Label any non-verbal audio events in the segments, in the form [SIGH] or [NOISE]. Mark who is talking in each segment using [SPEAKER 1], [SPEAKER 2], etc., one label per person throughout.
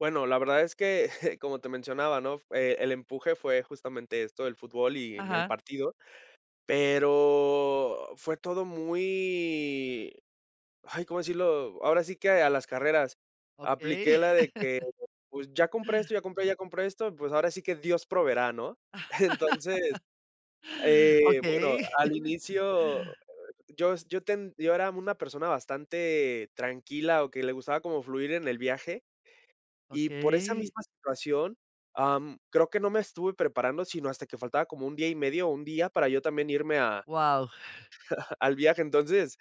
[SPEAKER 1] Bueno, la verdad es que, [CHUCKLES] como te mencionaba, ¿no? Eh, el empuje fue justamente esto del fútbol y mi el
[SPEAKER 2] Ajá.
[SPEAKER 1] partido. Pero fue todo muy Ay, ¿cómo decirlo? Ahora sí que a las carreras.
[SPEAKER 2] Okey.
[SPEAKER 1] Apliqué la de que,
[SPEAKER 2] [LAUGHS]
[SPEAKER 1] pues, ya compré esto, ya compré, ya compré esto, pues, ahora sí que Dios proveerá, ¿no? [CHUCKLES] Entonces,
[SPEAKER 2] [LAUGHS]
[SPEAKER 1] eh, bueno,
[SPEAKER 2] Okey.
[SPEAKER 1] al
[SPEAKER 2] [LAUGHS]
[SPEAKER 1] inicio, eh, yo es Yo ten- Yo era una persona bastante tranquila o que le gustaba como fluir en el viaje, y por esa
[SPEAKER 2] Okey.
[SPEAKER 1] misma situación, am, creo que no me estuve preparando, sino hasta que faltaba como un día y medio o un día para yo también irme a
[SPEAKER 2] Guau.
[SPEAKER 1] [LAUGHS] al viaje. Entonces,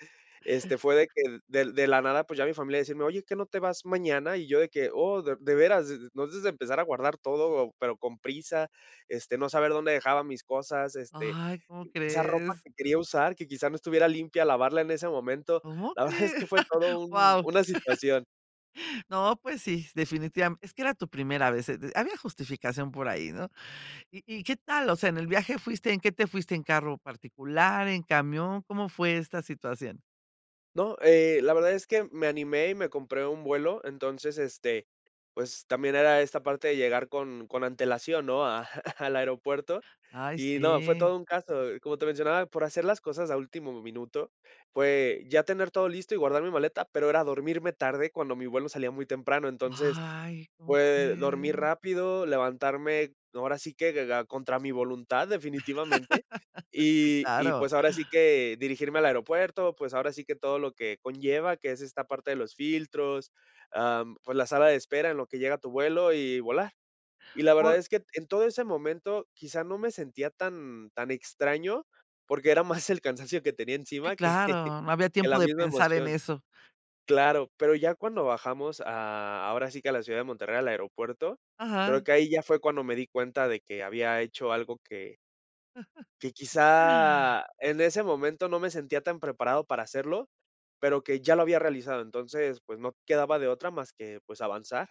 [SPEAKER 1] este, fue de que del de la nada, pues, ya mi familia decirme, oye, ¿qué no te vas mañana? Y yo de que, oh, ¿de de veras?, e entonces a empezar a guardar todo, pero con prisa, este, no saber dónde dejaba mis cosas, este,
[SPEAKER 2] Ay, ¿cómo
[SPEAKER 1] esa ropa
[SPEAKER 2] crees?
[SPEAKER 1] que quería usar, que quizá no estuviera limpia, lavarla en ese momento,
[SPEAKER 2] ¿Cómo
[SPEAKER 1] la verdad es
[SPEAKER 2] crees?
[SPEAKER 1] que fue todo
[SPEAKER 2] [CHUCKLES]
[SPEAKER 1] un
[SPEAKER 2] Guau.
[SPEAKER 1] una
[SPEAKER 2] [LAUGHS]
[SPEAKER 1] situación.
[SPEAKER 2] No, pues sí, s Definitiva Es que era tu primera vez, eh, de Había justificación por ahí, ¿no? ¿Y y qué tal? O sea, en el viaje fuiste ¿En qué te fuiste? ¿En carro particular, en camión? ¿Cómo fue esta situación?
[SPEAKER 1] No. Eh, la verdad es que me animé y me compré un vuelo, entonces, este, pues, también era esta parte de llegar con con antelación, ¿no? a [CHUCKLES] al aeropuerto
[SPEAKER 2] Ay,
[SPEAKER 1] y no, fue
[SPEAKER 2] sí.
[SPEAKER 1] todo un caso. Como te mencionaba, por hacer las cosas a último minuto, fue ya tener todo listo y guardar mi maleta, pero era dormirme tarde cuando mi vuelo salía muy temprano, entonces,
[SPEAKER 2] ¡Ay!
[SPEAKER 1] fue dormir
[SPEAKER 2] [UNINTELLIGIBLE]
[SPEAKER 1] rápido, levantarme ahora sí que de da contra mi voluntad, definitivamente,
[SPEAKER 2] [LAUGHS] Sí,
[SPEAKER 1] y y
[SPEAKER 2] claro.
[SPEAKER 1] pues ahora sí que dirigirme al aeropuerto, pues ahora sí que todo lo que conlleva, que es esta parte de los filtros, am, pues la sala de espera en lo que llega tu vuelo, y volar. Y la verdad
[SPEAKER 2] Por
[SPEAKER 1] es que en todo ese momento quizá no me sentía tan tan extraño, porque era más el cansancio que tenía
[SPEAKER 2] Sí,
[SPEAKER 1] encima que
[SPEAKER 2] claro. No había
[SPEAKER 1] que
[SPEAKER 2] tiempo
[SPEAKER 1] la
[SPEAKER 2] de
[SPEAKER 1] misma
[SPEAKER 2] pensar en
[SPEAKER 1] emoción.
[SPEAKER 2] eso.
[SPEAKER 1] Claro. Pero ya cuando bajamos a ahora sí que a la ciudad de Monterrey, al aeropuerto, creo
[SPEAKER 2] Ajá.
[SPEAKER 1] que ahí ya fue cuando me di cuenta de que había hecho algo que
[SPEAKER 2] [LAUGHS]
[SPEAKER 1] que quizá en ese momento no me sentía tan preparado para hacerlo, pero que ya lo había realizado. Entonces, pues no quedaba de otra más que, pues, avanzar.